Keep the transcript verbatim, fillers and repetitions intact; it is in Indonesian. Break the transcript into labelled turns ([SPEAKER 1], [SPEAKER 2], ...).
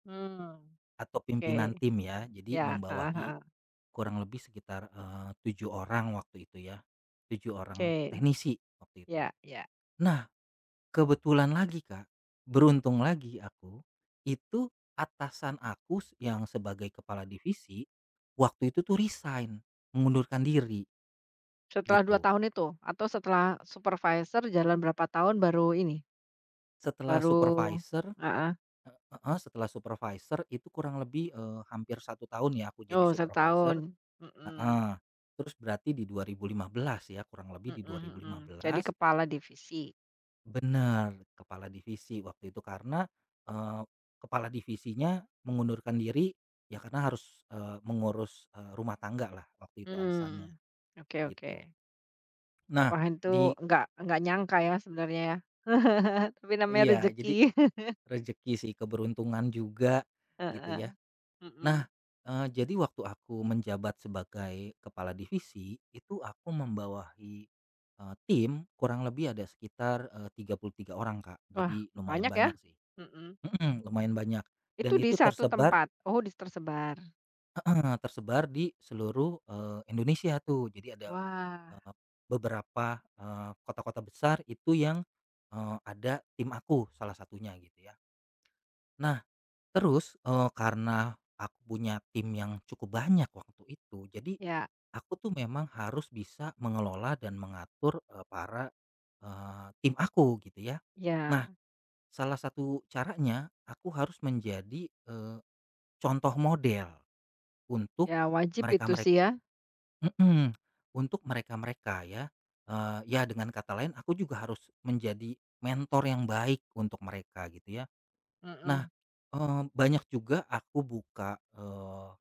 [SPEAKER 1] Mmm,
[SPEAKER 2] Atau
[SPEAKER 1] oke
[SPEAKER 2] pimpinan tim ya jadi
[SPEAKER 1] iya, heeh
[SPEAKER 2] membawahi,
[SPEAKER 1] heeh.
[SPEAKER 2] kurang lebih sekitar, eee, tujuh orang waktu itu ya, tujuh orang
[SPEAKER 1] Oke,
[SPEAKER 2] teknisi waktu itu,
[SPEAKER 1] iya iya.
[SPEAKER 2] nah kebetulan lagi, Kak, beruntung lagi aku, itu atasan aku s yang sebagai kepala divisi, waktu itu tuh resign, mengundurkan diri
[SPEAKER 1] Setelah dua
[SPEAKER 2] gitu.
[SPEAKER 1] tahun itu? Atau setelah supervisor jalan berapa tahun baru ini
[SPEAKER 2] Setelah
[SPEAKER 1] baru
[SPEAKER 2] supervisor,
[SPEAKER 1] heeh.
[SPEAKER 2] eee, heeh, setelah supervisor itu kurang lebih, eee, hampir satu tahun ya aku jadi
[SPEAKER 1] Oh
[SPEAKER 2] supervisor,
[SPEAKER 1] setahun, mmm.
[SPEAKER 2] heeh, terus berarti di dua ribu lima belas ya kurang
[SPEAKER 1] Mmm,
[SPEAKER 2] lebih di dua ribu
[SPEAKER 1] mhm,
[SPEAKER 2] lima
[SPEAKER 1] jadi
[SPEAKER 2] belas
[SPEAKER 1] kepala divisi.
[SPEAKER 2] Bener kepala divisi waktu itu karena, eee, kepala divisinya mengundurkan diri, ya karena harus, eee, mengurus, eee, rumah tanggalah waktu itu alasannya,
[SPEAKER 1] Mmm, oke
[SPEAKER 2] gitu.
[SPEAKER 1] oke.
[SPEAKER 2] Nah
[SPEAKER 1] Wah itu
[SPEAKER 2] di
[SPEAKER 1] nggak nggak nyangka ya sebenernya ya tapi namanya
[SPEAKER 2] Iya
[SPEAKER 1] rezeki.
[SPEAKER 2] jadi, rezeki sih keberuntungan juga, gitu
[SPEAKER 1] Heeh,
[SPEAKER 2] ya,
[SPEAKER 1] mmm.
[SPEAKER 2] nah, eee, jadi waktu aku menjabat sebagai kepala divisi, itu aku membawahi, eee, tim kurang lebih ada sekitar, eee, tiga puluh tiga orang, Kak,
[SPEAKER 1] Wah
[SPEAKER 2] jadi lumayan
[SPEAKER 1] banyak ya,
[SPEAKER 2] banyak sih,
[SPEAKER 1] mmm.
[SPEAKER 2] mmm, lumayan banyak, dan
[SPEAKER 1] Itu di
[SPEAKER 2] itu
[SPEAKER 1] satu
[SPEAKER 2] tersebar
[SPEAKER 1] tempat? Oh dis tersebar.
[SPEAKER 2] Heeh, tersebar di seluruh, eee, Indonesia tuh jadi ada,
[SPEAKER 1] Wah.
[SPEAKER 2] eee, beberapa, eee, kota-kota besar itu yang, eee, ada tim aku salah satunya gitu ya. Nah, terus, eee, karena, aku punya tim yang cukup banyak waktu itu jadi,
[SPEAKER 1] Iya.
[SPEAKER 2] aku tuh memang harus bisa mengelola dan mengatur, eee, para, eee, tim aku gitu ya,
[SPEAKER 1] Iya.
[SPEAKER 2] nah, salah satu caranya aku harus menjadi, eee, contoh model, untuk,
[SPEAKER 1] Ya wajib
[SPEAKER 2] mereka
[SPEAKER 1] itu
[SPEAKER 2] merek
[SPEAKER 1] sih ya.
[SPEAKER 2] mmm, untuk mereka-mereka ya, eee, ya dengan kata lain aku juga harus menjadi mentor yang baik untuk mereka gitu ya, nah,
[SPEAKER 1] Mmm.
[SPEAKER 2] eee, banyak juga aku buka, eee